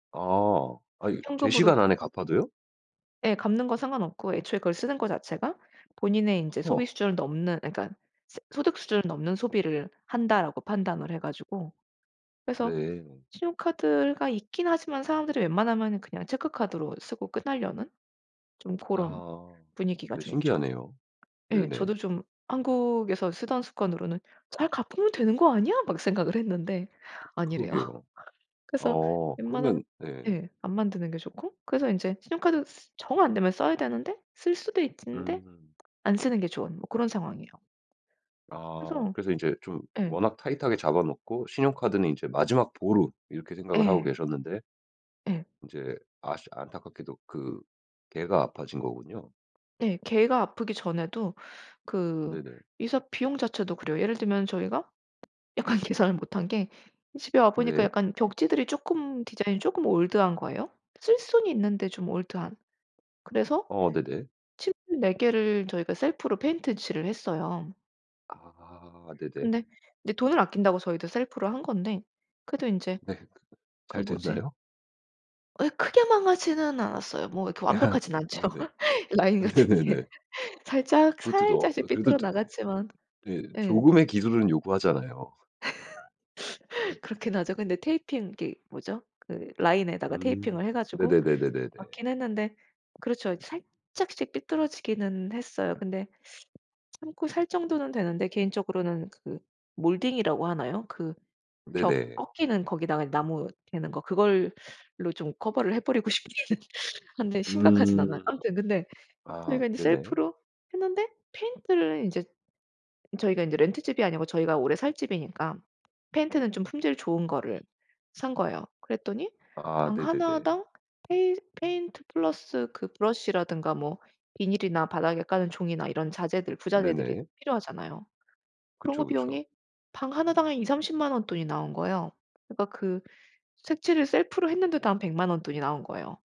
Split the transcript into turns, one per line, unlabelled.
아, 아 제
현금으로
시간 안에 갚아도요?
예. 갚는 거 상관없고 애초에 그걸 쓰는 거 자체가 '본인의 인제
허.
소비 수준을 넘는 그니까 소득 수준을 넘는 소비를 한다.'라고 판단을 해가지고 그래서
네.
신용카드가 있긴 하지만 사람들이 웬만하면은 그냥 체크카드로 쓰고 끝내려는 좀 그런
아,
분위기가
네,
좀 있죠.
신기하네요.
예,
네네.
저도 좀 한국에서 쓰던 습관으로는 잘 갚으면 되는 거 아니야? 막 생각을 했는데 아니래요.
그러게요.
그래서
어
웬만하면
그러면, 네.
예 안 만드는 게 좋고. 그래서 이제 신용카드 정 안되면 써야 되는데 쓸 수도 있는데
음.
안 쓰는 게 좋은 뭐 그런 상황이에요.
아,
그래서
그래서 이제 좀
예.
워낙 타이트하게 잡아먹고 '신용카드는 이제 마지막 보루.' 이렇게 생각을 하고
예.
계셨는데.
예.
그 인제 아쉽 안타깝게도 그 개가 아파진 거군요.
예, 개가 아프기 전에도 그
네네.
이사 비용 자체도 그래요. 예를 들면 저희가 약간 계산을 못한 게 집에 와보니까
네.
약간 벽지들이 조금 디자인이 조금 올드한거에요. 쓸 수는 있는데 좀 올드한. 그래서
어, 네네.
칠 네 개를 저희가 셀프로 페인트 칠을 했어요.
아 네네.
근데 인제 돈을 아낀다고 저희도 셀프를 한 건데 그래도 인제
네 그
그
잘
뭐지?
됐나요?
예 크게 망하지는 않았어요. 뭐 이렇게 완벽하진 않죠.
네네.
라인 같은 게
네네네.
살짝
그것도
살짝씩
어 그래도
삐뚤어 나갔지만.
네
예.
조금의 기술은 요구하잖아요.
그렇긴 하죠. 근데 테이핑 그게 뭐죠? 그 라인에다가
음
테이핑을 해 가지고
네네네네네네.
맞긴 했는데 그렇죠. 살짝씩 삐뚤어지기는 했어요. 근데 참고 살 정도는 되는데 개인적으로는 그 몰딩이라고 하나요? 그 벽
네네.
꺾이는 거기다가 나무 대는 거 그걸로 좀 커버를 해버리고 싶기는 한데 심각하진 않아요.
음.
아무튼 근데
아,
저희가 이제
네네.
셀프로 했는데 페인트를 이제 저희가 이제 렌트집이 아니고 저희가 오래 살 집이니까 페인트는 좀 품질 좋은 거를 산 거예요. 그랬더니
아
방
네네네.
하나당 페인 페인트 플러스 그 브러시라든가 뭐 비닐이나 바닥에 까는 종이나 이런 자재들, 부자재들이
네네.
필요하잖아요. 그런
그쵸,
거
그쵸.
비용이 방 하나당 한 200,000-300,000 원 돈이 나온 거예요. 그러니까 그 색칠을 셀프로 했는데도 한 1,000,000 원 돈이 나온 거예요.